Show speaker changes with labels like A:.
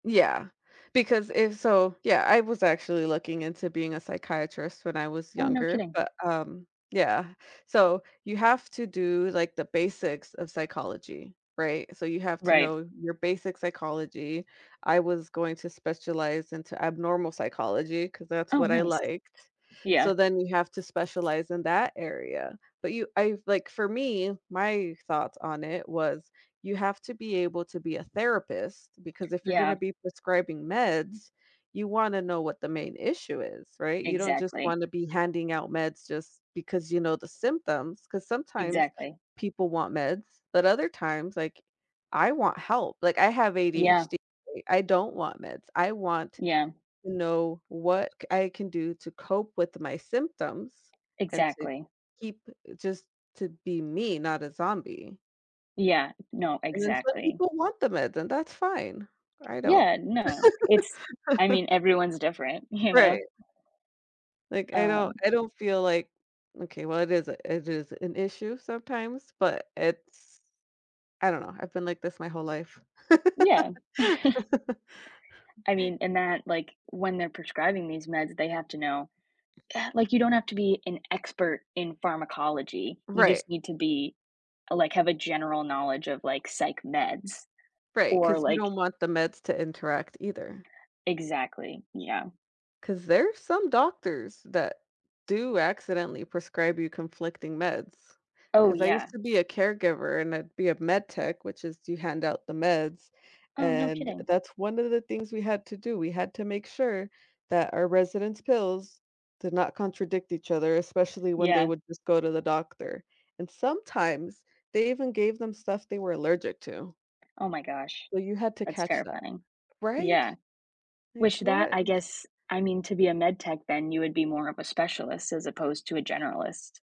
A: Yeah, because if so yeah, I was actually looking into being a psychiatrist when I was
B: Oh, no
A: younger,
B: kidding.
A: but, um Yeah. So you have to do like the basics of psychology, right? So you have to
B: Right.
A: know your basic psychology. I was going to specialize into abnormal psychology, 'cause that's
B: Oh,
A: what I
B: nice.
A: liked.
B: Yeah.
A: So then you have to specialize in that area, but you I like for me, my thoughts on it was: you have to be able to be a therapist because if you're gonna
B: Yeah.
A: be prescribing meds, you wanna know what the main issue is, right? You don't just
B: Exactly.
A: wanna be handing out meds just because you know the symptoms, 'cause sometimes
B: Exactly.
A: people want meds, but other times, like, I want help, like I have
B: Yeah.
A: ADHD, I don't want meds, I want
B: Yeah.
A: you know, what c I can do to cope with my symptoms and to
B: Exactly.
A: keep just to be me, not a zombie.
B: Yeah, no,
A: And then some
B: exactly.
A: people want the meds, and that's fine. I don't.
B: Yeah, no, it's I mean, everyone's different, you know?
A: Right. Like, I don't
B: Um
A: I don't feel like Okay, well, it is a it is an issue sometimes, but it's I don't know, I've been like this my whole life.
B: Yeah. I mean, and that like, when they're prescribing these meds, they have to know, like you don't have to be an expert in pharmacology, you
A: Right.
B: just need to be like have a general knowledge of like psych meds
A: Right,
B: or
A: 'cause you
B: like
A: don't want the meds to interact either.
B: Exactly, yeah.
A: 'Cause there's some doctors that do accidentally prescribe you conflicting meds.
B: Oh,
A: 'Cause I used
B: yeah.
A: to be a caregiver and I'd be a med tech, which is you hand out the meds,
B: Oh, no
A: and
B: kidding.
A: that's one of the things we had to do. We had to make sure that our residents' pills did not contradict each other, especially when they
B: Yeah.
A: would just go to the doctor. And sometimes they even gave them stuff they were allergic to.
B: Oh my gosh.
A: So you had to
B: That's
A: catch that,
B: terrifying.
A: right?
B: Yeah. Wish
A: Like
B: that
A: what
B: I
A: is
B: guess, I mean to be a med tech, then you would be more of a specialist as opposed to a generalist.